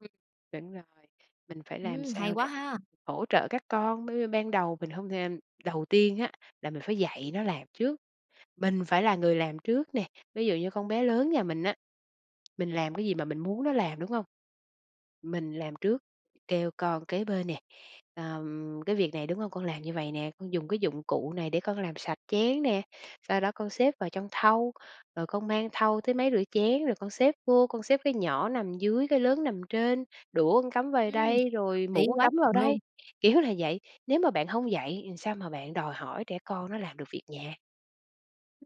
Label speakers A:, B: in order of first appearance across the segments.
A: Ừm. Đúng rồi. Mình phải làm
B: Ừm, hay
A: sao
B: quá
A: để
B: ha!
A: hỗ trợ các con, bởi vì ban đầu mình hông thêm đầu tiên á, là mình phải dạy nó làm trước, mình phải là người làm trước nè. Ví dụ như con bé lớn nhà mình á, mình làm cái gì mà mình muốn nó làm, đúng hông? Mình làm trước, kêu con kế bên nè, ừm: "Cái việc này, đúng hông? Con làm như vậy nè, con dùng cái dụng cụ này để con làm sạch chén nè, sau đó con xếp vào trong thau, rồi con mang thau tới máy rửa chén, rồi con xếp vô, con xếp cái nhỏ nằm dưới cái lớn nằm trên, đũa con cắm vời
B: Ừm.
A: đây rồi
B: Lý
A: muỗng con
B: quá
A: cắm vào
B: chừng luôn.
A: đây." Kiểu là vậy, nếu mà bạn hông dạy thì sao mà bạn đòi hỏi trẻ con nó làm được việc nhà?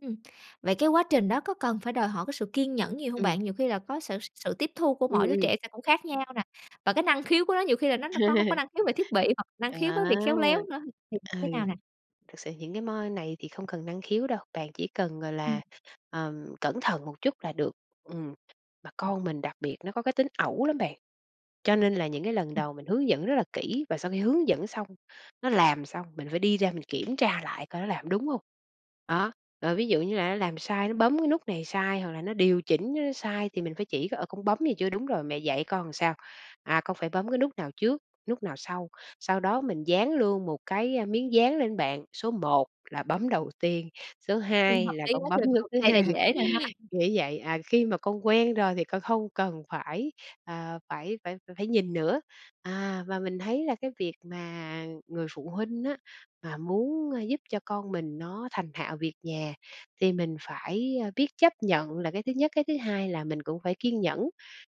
B: Ừm. Vậy cái quá trình đó có cần phải đòi hỏi cái sự kiên nhẫn nhiều hông
A: Ừm.
B: bạn? Nhiều khi là có s sự tiếp thu của
A: Ừm,
B: mỗi đứa
A: ừm.
B: trẻ sẽ cũng khác nhau nè, và cái năng khiếu của nó nhiều khi là nó có hông có năng khiếu về thiết bị hoặc năng khiếu
A: À!
B: với việc khéo léo nữa, thì
A: Ừ,
B: thế nào nè?
A: thực sự những cái m này thì không cần năng khiếu đâu, bạn chỉ cần, gọi là,
B: Ừm.
A: ờm, cẩn thận một chút là được. Ừm. Mà
B: Ừm.
A: con mình đặc biệt nó có cái tính ẩu lắm bạn. Cho nên là những cái lần
B: Ừm.
A: đầu mình hướng dẫn rất là kỹ và sau khi hướng dẫn xong nó làm xong mình phải đi ra mình kiểm tra lại coi nó làm đúng hông? Đó. Rồi ví dụ như là nó làm sai nó bấm cái nút này sai hoặc là nó điều chỉnh, ơ, nó sai thì mình phải chỉ, ờ: "Con bấm này chưa? Đúng rồi, mẹ dạy con làm sao? À, con phải bấm cái nút nào trước, nút nào sau." Sau đó mình dán luôn một cái, ơ, miếng dán lên bạn, số 1 là bấm đầu tiên, số hai
B: Ừm,
A: 2
B: hợp
A: là
B: lý
A: con
B: quá
A: bấm
B: chừng
A: nút
B: luôn.
A: thứ
B: Này là
A: 2,
B: dễ nè ha.
A: nghĩa vậy. À, khi mà con quen rồi thì con không cần phải, ờ, phải phải phải nhìn nữa." À, và mình thấy là cái việc mà, người phụ huynh á mà muốn, ơ, giúp cho con mình nó thành thạo việc nhà thì mình phải, ơ, biết chấp nhận là cái thứ nhất, cái thứ hai là mình cũng phải kiên nhẫn,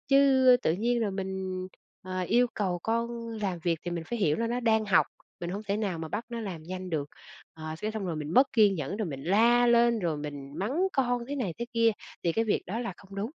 A: chứ, ư, tự nhiên rồi mình, ờ, yêu cầu con làm việc thì mình phải hiểu là nó đang học, mình hổng thể nào mà bắt nó làm nhanh được. Ờ, cái xong rồi mình mất kiên nhẫn rồi mình la lên rồi mình mắng con thế này thế kia thì cái việc đó là không đúng.